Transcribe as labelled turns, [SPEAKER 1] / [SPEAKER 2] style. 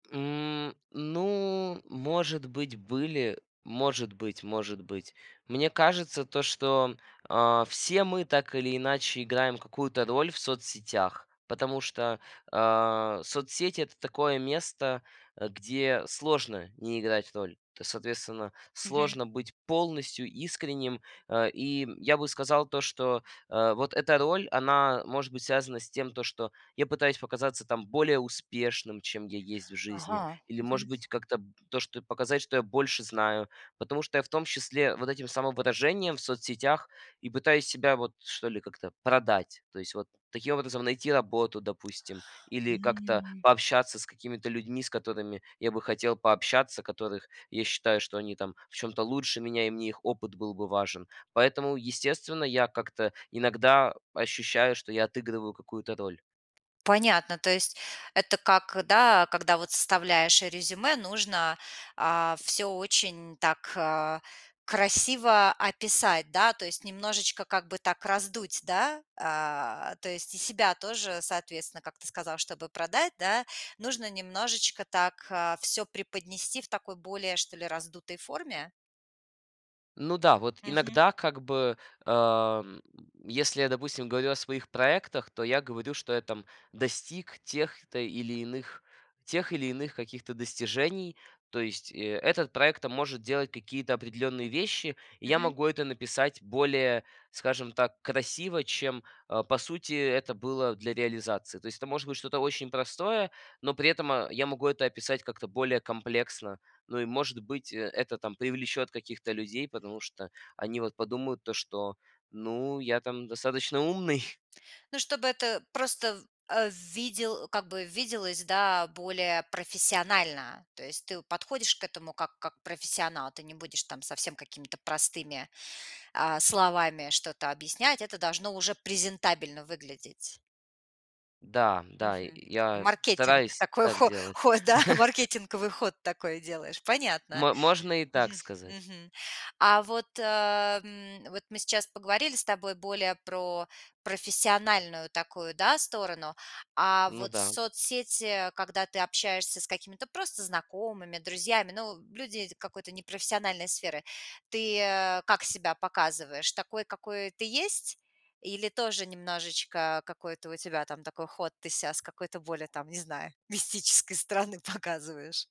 [SPEAKER 1] М, ну, может быть были, может быть, может быть. Мне кажется, то, что, а, все мы так или иначе играем какую-то роль в соцсетях, потому что, а, соцсети- это такое место, э, где сложно не играть роль. То соответственно,
[SPEAKER 2] Мгм.
[SPEAKER 1] сложно быть полностью искренним, э, и, м, я бы сказал, то, что, э, вот эта роль, она может быть связана с тем, то что я пытаюсь показаться там более успешным, чем я есть в жизни.
[SPEAKER 2] Ага.
[SPEAKER 1] Или
[SPEAKER 2] Мгм.
[SPEAKER 1] может быть как-то б то, что показать, что я больше знаю, потому что я в том числе вот этим самовыражением в соцсетях и пытаюсь себя вот что ли как-то продать. То есть вот таким образом найти работу, допустим, или как-то
[SPEAKER 2] М.
[SPEAKER 1] пообщаться с какими-то людьми, с которыми я бы хотел пообщаться, которых я считаю, что они там в чем-то лучше меня и мне их опыт был бы важен. Поэтому, естественно, я как-то иногда ощущаю, что я отыгрываю какую-то роль.
[SPEAKER 2] Понятно, то есть это как, да, когда вот составляешь резюме, нужно, а, всё очень так, а, красиво описать, да, то есть немножечко как бы так раздуть, да, а, то есть и себя тоже, соответственно, как ты сказал, чтобы продать, да, нужно немножечко так, а, всё преподнести в такой более, что ли, раздутой форме?
[SPEAKER 1] Ну да, вот
[SPEAKER 2] Мгм.
[SPEAKER 1] иногда, как бы, эм, если я, допустим, говорю о своих проектах, то я говорю, что я там достиг тех-то или иных, тех или иных каких-то достижений. То есть, э, этот проект там может делать какие-то определенные вещи, и я
[SPEAKER 2] Мгм.
[SPEAKER 1] могу это написать более, скажем так, красиво, чем, э, по сути это было для реализации. То есть это может быть что-то очень простое, но при этом, э, я могу это описать как-то более комплексно. Ну и может быть, э, это там привлечет каких-то людей, потому что они вот подумают то, что ну я там достаточно умный.
[SPEAKER 2] Ну, чтобы это просто, э, в видел как бы виделось, да, более профессионально. То есть ты подходишь к этому как как профессионал. Ты не будешь там совсем какими-то простыми, а, словами что-то объяснять. Это должно уже презентабельно выглядеть.
[SPEAKER 1] Да, да, и
[SPEAKER 2] Мгм.
[SPEAKER 1] я
[SPEAKER 2] Маркетинг.
[SPEAKER 1] стараюсь
[SPEAKER 2] Такой
[SPEAKER 1] так
[SPEAKER 2] хо
[SPEAKER 1] делать.
[SPEAKER 2] ход, да, маркетинговый ход такой делаешь. Понятно.
[SPEAKER 1] Мо можно и так
[SPEAKER 2] Мгм.
[SPEAKER 1] сказать.
[SPEAKER 2] Мгм. А вот, ам, вот мы сейчас поговорили с тобой более про профессиональную такую, да, сторону. А
[SPEAKER 1] Ну
[SPEAKER 2] вот
[SPEAKER 1] да.
[SPEAKER 2] соцсети, когда ты общаешься с какими-то просто знакомыми, друзьями, ну люди какой-то непрофессиональной сферы. Ты, э, как себя показываешь? Такой, какой ты есть? Или тоже немножечко какой-то у тебя там такой ход? Ты ся с какой-то более там, не знаю, мистической стороны показываешь?